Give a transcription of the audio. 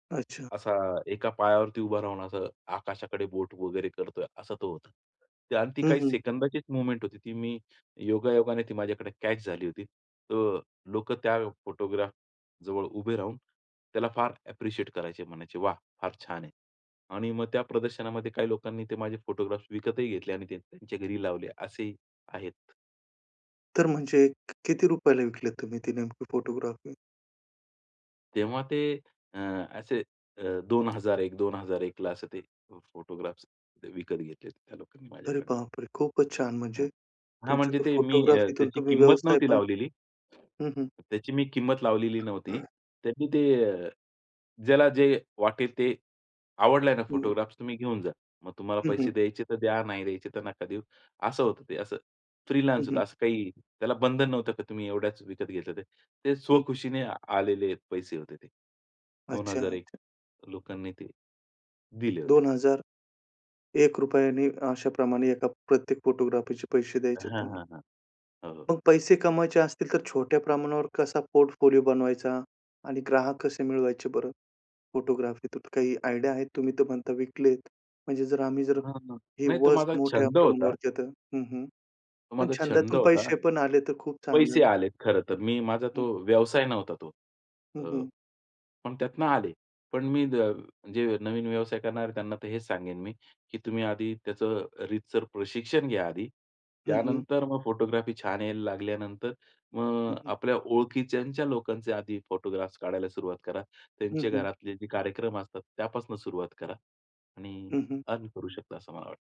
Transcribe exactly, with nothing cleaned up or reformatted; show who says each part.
Speaker 1: अच्छा.
Speaker 2: असा एका पायावरती उभा राहून असं आकाशाकडे बोट वगैरे करतोय असा तो होता. आणि ती
Speaker 1: हं,
Speaker 2: काही
Speaker 1: हं.
Speaker 2: सेकंदाचीच मूव्हमेंट होती. ती मी योगायोगाने ती माझ्याकडे कॅच झाली होती. तर लोकं त्या फोटोग्राफजवळ उभे राहून त्याला फार अप्रिशिएट करायचे. म्हणायचे, "वाह! फार छान आहे." आणि मग त्या प्रदर्शनामध्ये काही लोकांनी ते माझे फोटोग्राफ्स विकतही घेतले आणि ते त्यांच्या घरी लावले असेही आहेत.
Speaker 1: तर म्हणजे किती रुपयाला विकलेत तुम्ही ती नेमकी फोटोग्राफी?
Speaker 2: तेव्हा ते अ, असे अ दोन हजार एक, दोन हजार एकला असे ते फोटोग्राफ्स विकत घेतले त्या लोकांनी
Speaker 1: अरे,
Speaker 2: माझ्याकडून.
Speaker 1: बाप रे! खूपच छान. म्हणजे
Speaker 2: हां. हां,
Speaker 1: तुमच्या
Speaker 2: म्हणजे
Speaker 1: ते
Speaker 2: ते मी अ,
Speaker 1: फोटोग्राफीतून
Speaker 2: त्याची
Speaker 1: तुम्ही
Speaker 2: किंमत
Speaker 1: व्यवसाय
Speaker 2: नव्हती
Speaker 1: पण
Speaker 2: लावलेली.
Speaker 1: हं, हं.
Speaker 2: त्याची मी किंमत लावलेली नव्हती. त्यांनी ते. ज्याला जे वाटेल ते. आवडलाय ना
Speaker 1: हं.
Speaker 2: फोटोग्राफ्स, तुम्ही घेऊन जा. मग तुम्हाला
Speaker 1: हं, हं.
Speaker 2: पैसे द्यायचे तर द्या, नाही द्यायचे तर नका देऊ. असं होतं ते. असं
Speaker 1: हं,
Speaker 2: फ्रीलान्स
Speaker 1: हं.
Speaker 2: होतं. असं काही त्याला बंधन नव्हतं, की तुम्ही एवढ्याच विकत घेतलं ते. ते
Speaker 1: हं, हं.
Speaker 2: स्वखुशीने आलेले पैसे होते ते. दोन
Speaker 1: अच्छा,
Speaker 2: हजार एक
Speaker 1: अच्छा.
Speaker 2: लोकांनी ते दिले होते.
Speaker 1: दोन हजार एक रुपयाने अशाप्रमाणे एका प्रत्येक फोटोग्राफीचे पैसे द्यायचे आहेत
Speaker 2: हां,
Speaker 1: तुम्हाला.
Speaker 2: हां, हां. हो, हो.
Speaker 1: मग पैसे कमवायचे असतील तर छोट्या प्रमाणावर कसा पोर्टफोलिओ बनवायचा? आणि ग्राहक कसे मिळवायचे बरं फोटोग्राफीतून काही आयडिया आहे? तुम्ही तर म्हणता विकलेत. म्हणजे जर आम्ही जर
Speaker 2: हं.
Speaker 1: हे
Speaker 2: नाही, तो माझा
Speaker 1: वस्ट मोठ्या
Speaker 2: छंद होता.
Speaker 1: प्रमाणावरतीं आता हं, हं.
Speaker 2: तो
Speaker 1: पण
Speaker 2: माझा छंद
Speaker 1: छंदातून
Speaker 2: होता.
Speaker 1: पैसे पण आले तर खूप चांगलं
Speaker 2: पैसे
Speaker 1: ना.
Speaker 2: आलेत खरं तर. मी माझा तो
Speaker 1: हं.
Speaker 2: व्यवसाय नव्हता तो. अ,
Speaker 1: हं, हं.
Speaker 2: पण त्यातनं आले. पण मी जे नवीन व्यवसाय करणारे आहेत त्यांना तर हेच सांगेन मी, की तुम्ही आधी त्याचं रीतसर प्रशिक्षण घ्या आधी.
Speaker 1: हं, हं.
Speaker 2: त्यानंतर मग फोटोग्राफी छान यायला लागल्यानंतर मग
Speaker 1: हं, हं.
Speaker 2: आपल्या ओळखीच्या लोकांचे आधी फोटोग्राफ्स काढायला सुरुवात करा.
Speaker 1: हं,
Speaker 2: त्यांचे
Speaker 1: हं.
Speaker 2: घरातले जे कार्यक्रम असतात त्यापासून सुरुवात करा. आणि
Speaker 1: हं, हं.
Speaker 2: अर्न करू शकता असं मला वाटतं.